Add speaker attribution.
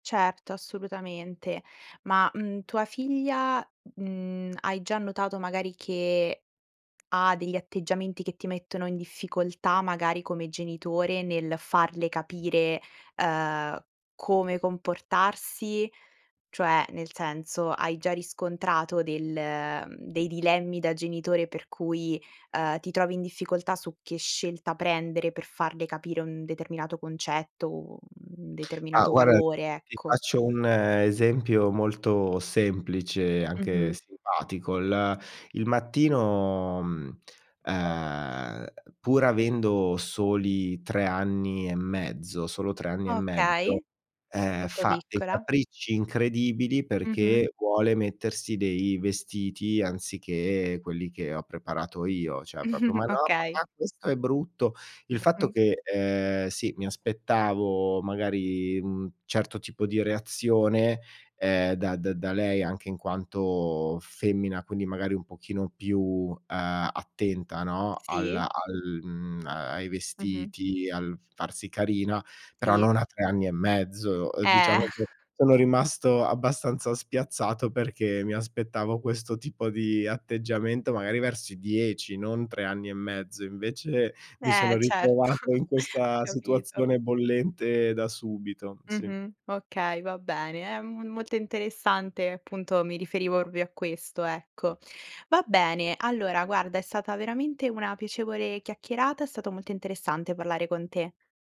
Speaker 1: Certo, assolutamente. Ma, mhmm, tua figlia, mhmm, hai già notato, magari, che ha degli atteggiamenti che ti mettono in difficoltà, magari come genitore, nel farle capire, ehm, come comportarsi? Cioè, nel senso, hai già riscontrato del dei dilemmi da genitore per cui, ehm, ti trovi in difficoltà su che scelta prendere per farle capire un determinato concetto o un
Speaker 2: Ah,
Speaker 1: determinato
Speaker 2: guarda,
Speaker 1: valore,
Speaker 2: ti
Speaker 1: ecco?
Speaker 2: faccio un esempio molto semplice, anche
Speaker 1: Mh-mh.
Speaker 2: simpatico: il il mattino, mhmm, ehm, pur avendo soli 3 anni e mezzo solo 3 anni e mezzo,
Speaker 1: Okay,
Speaker 2: ehm,
Speaker 1: molto
Speaker 2: fa dei
Speaker 1: piccola.
Speaker 2: capricci incredibili
Speaker 1: Mh-mh.
Speaker 2: perché vuole mettersi dei vestiti, anziché quelli che ho preparato io. Cioè proprio: "Ma no,
Speaker 1: Okay.
Speaker 2: papà, questo è brutto". Il fatto che, ehm, sì, mi aspettavo, magari, mhmm, certo tipo di reazione, ehm, da da da lei anche in quanto femmina, quindi, magari, un pochino più, ehm, attenta, no,
Speaker 1: Sì.
Speaker 2: alla al, mhmm, a ai
Speaker 1: Mh mh.
Speaker 2: vestiti, al farsi carina, però
Speaker 1: Sì.
Speaker 2: non a 3 anni e mezzo. Ehm,
Speaker 1: Eh!
Speaker 2: diciamo che sono rimasto abbastanza spiazzato, perché mi aspettavo questo tipo di atteggiamento, magari, verso i 10, non 3 anni e mezzo. Invece, mi sono
Speaker 1: Eh, certo,
Speaker 2: ritrovato in
Speaker 1: ho
Speaker 2: questa
Speaker 1: capito.
Speaker 2: situazione bollente da subito, sì.
Speaker 1: Mh-mh, okay, va bene, è m molto interessante. Appunto, mi riferivo proprio a questo, ecco. Va bene, allora, guarda, è stata veramente una piacevole chiacchierata. È stato molto interessante parlare con te.